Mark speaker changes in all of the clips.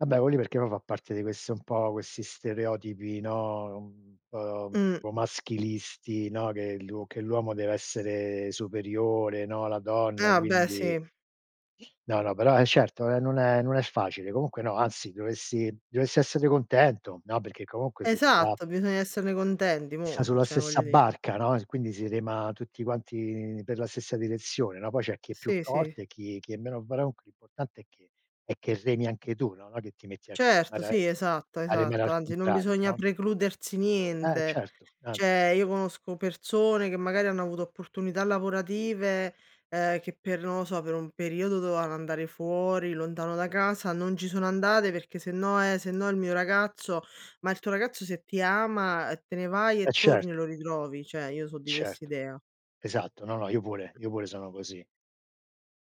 Speaker 1: Vabbè, que lì perché poi fa parte di questo un po' questi stereotipi, no, un po' un
Speaker 2: Mh.
Speaker 1: po' maschilisti, no, che l'uo che l'uomo deve essere superiore, no, la donna,
Speaker 2: Ah, beh
Speaker 1: quindi
Speaker 2: sì.
Speaker 1: No, no, però, eh certo non è non è non è facile. Comunque no, anzi dovessi dovessi essere contento. No, perché comunque si sta
Speaker 2: Esatto, bisogna esserne contenti,
Speaker 1: si sta
Speaker 2: mo', eh,
Speaker 1: sulla
Speaker 2: cioè
Speaker 1: stessa
Speaker 2: voglio di
Speaker 1: barca, no, s e quindi si rema tutti quanti per la stessa direzione, no? Poi c'è chi è più
Speaker 2: Sì, sì.
Speaker 1: forte, chi chi è meno bravo. Comunque l'importante è che è che remi anche tu, no? No, che ti metti a
Speaker 2: Certo,
Speaker 1: remare
Speaker 2: sì, esatto,
Speaker 1: a remare
Speaker 2: esatto.
Speaker 1: al
Speaker 2: Anzi, non
Speaker 1: contrario,
Speaker 2: bisogna
Speaker 1: no?
Speaker 2: precludersi
Speaker 1: Eh
Speaker 2: niente.
Speaker 1: certo, anzi
Speaker 2: Cioè, io conosco persone che magari hanno avuto opportunità lavorative, uhm, che per non lo so, per un periodo dovevano andare fuori lontano da casa, non ci sono andate perché sennò eh sennò il mio ragazzo ma il tuo ragazzo se ti ama te ne vai
Speaker 1: Eh
Speaker 2: e torni e
Speaker 1: certo.
Speaker 2: lo ritrovi. Cioè io so di
Speaker 1: Certo.
Speaker 2: quest'idea.
Speaker 1: Esatto. No, no io pure io pure sono così.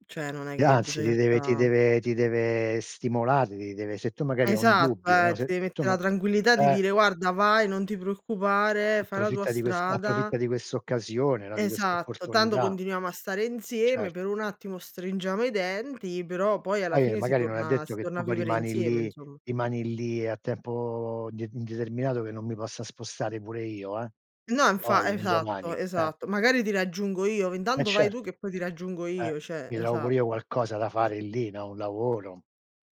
Speaker 2: Cioè non è
Speaker 1: E
Speaker 2: che
Speaker 1: anzi ti
Speaker 2: bisogna
Speaker 1: deve ti
Speaker 2: sta
Speaker 1: deve ti deve stimolare, ti deve se tu magari hai un
Speaker 2: Esatto,
Speaker 1: dubbio, no,
Speaker 2: ehm, ti
Speaker 1: se
Speaker 2: deve
Speaker 1: tu
Speaker 2: mettere
Speaker 1: ma
Speaker 2: la tranquillità di
Speaker 1: eh.
Speaker 2: dire guarda vai, non ti preoccupare, fai la tua
Speaker 1: Approfitta di questa
Speaker 2: strada
Speaker 1: approfitta di questa occasione, no, di questa
Speaker 2: Esatto, tanto
Speaker 1: opportunità.
Speaker 2: continuiamo a stare
Speaker 1: Certo.
Speaker 2: insieme, per un attimo stringiamo i denti, però poi alla
Speaker 1: Poi, ehm,
Speaker 2: fine si
Speaker 1: magari non è
Speaker 2: torna
Speaker 1: detto
Speaker 2: si
Speaker 1: che
Speaker 2: torna
Speaker 1: tu
Speaker 2: a
Speaker 1: poi
Speaker 2: vivere
Speaker 1: rimani
Speaker 2: insieme
Speaker 1: lì
Speaker 2: insom
Speaker 1: rimani lì a tempo, uhm, de indeterminato che non mi possa spostare pure io, eh,
Speaker 2: No, infa
Speaker 1: poi un
Speaker 2: esatto,
Speaker 1: domani, eh.
Speaker 2: esatto. Magari ti raggiungo io,
Speaker 1: Eh
Speaker 2: intanto vai tu
Speaker 1: certo.
Speaker 2: che poi ti raggiungo
Speaker 1: Eh,
Speaker 2: io, cioè
Speaker 1: mi trovo pure io
Speaker 2: esatto.
Speaker 1: qualcosa da fare lì, no, un lavoro.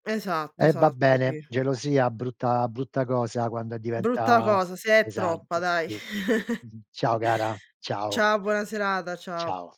Speaker 2: Esatto,
Speaker 1: Eh va
Speaker 2: esatto,
Speaker 1: bene,
Speaker 2: sì.
Speaker 1: gelosia, brutta brutta cosa quando e
Speaker 2: Brutta
Speaker 1: diventa
Speaker 2: cosa, se è troppa
Speaker 1: pesante.
Speaker 2: dai.
Speaker 1: Sì, sì. Ciao cara, ciao.
Speaker 2: Ciao, buona serata, ciao.
Speaker 1: Ciao.